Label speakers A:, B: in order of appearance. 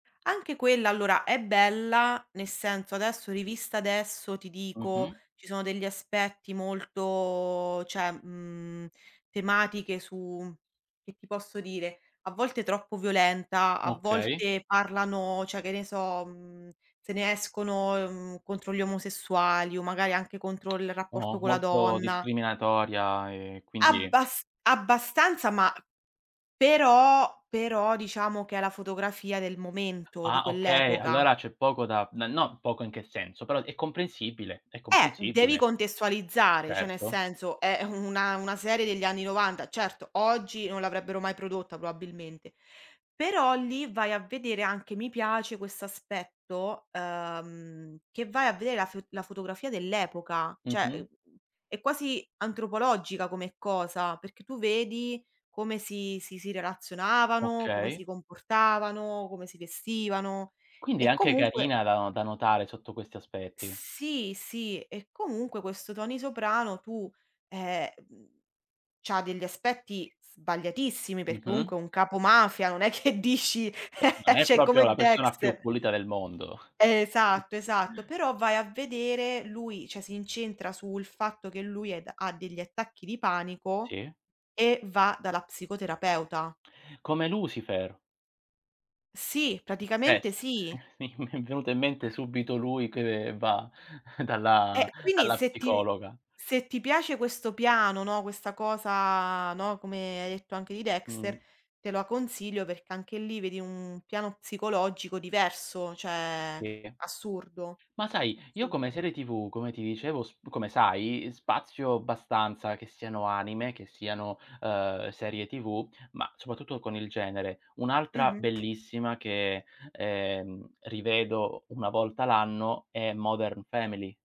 A: Anche quella allora è bella, nel senso, adesso rivista adesso ti dico
B: Mh-mh.
A: ci sono degli aspetti molto cioè, mhmm, tematiche su che ti posso dire, a volte troppo violenta, a
B: Okay.
A: volte parlano, cioè che ne so, mhmm, se ne escono, mhmm, contro gli omosessuali o magari anche contro il rapporto
B: Oh,
A: con la
B: molto
A: donna.
B: discriminatoria e quindi
A: Abbas abbastanza, ma però però diciamo che è la fotografia del momento, di
B: Ah okay,
A: quell'epoca.
B: allora c'è poco da n no, poco in che senso, però è comprensibile, è
A: Eh, devi
B: comprensibile.
A: contestualizzare, cioè nel
B: Certo.
A: senso, è una una serie degli anni '90. Certo, oggi non l'avrebbero mai prodotta probabilmente. Però lì vai a vedere anche mi piace questo aspetto, ehm, che vai a vedere la fo la fotografia dell'epoca. Cioè, è
B: Mh-mh.
A: mhmm, è quasi antropologica come cosa, perché tu vedi come si si si relazionavano, come si
B: Okay.
A: comportavano, come si vestivano.
B: Quindi è
A: E
B: anche
A: comunque
B: carina da no da notare sotto questi aspetti.
A: Sì, sì, e comunque questo Tony Soprano tu, eh, mhmm, c'ha degli aspetti sbagliatissimi, perché
B: Mh-mh.
A: comunque è un capomafia, non è che dici
B: Eh, non è
A: cioè
B: proprio
A: come
B: la persona più
A: Dexter.
B: pulita del mondo.
A: Esatto, esatto. Però vai a vedere, lui cioè, si incentra sul fatto che lui è ha degli attacchi di panico
B: Sì.
A: e va dalla psicoterapeuta.
B: Come Lucifer.
A: Sì,
B: [unintelligible] sì
A: praticamente sì.
B: mi è mi è venuto in mente subito lui che va dalla
A: Eh, quindi
B: dalla
A: se ti ve
B: psicologa.
A: se ti piace questo piano, no, questa cosa, no, come hai detto anche di Dexter,
B: Mh.
A: te lo consiglio perché anche lì vedi un piano psicologico diverso, cioè
B: Sì.
A: assurdo,
B: Ma sai, io come
A: assurdo.
B: serie TV, come ti dicevo sp come sai, spazio abbastanza che siano anime, che siano, uhm serie TV, ma soprattutto con il genere. Un'altra
A: Mh-mh.
B: bellissima che, ehm, rivedo una volta l'anno è Modern Family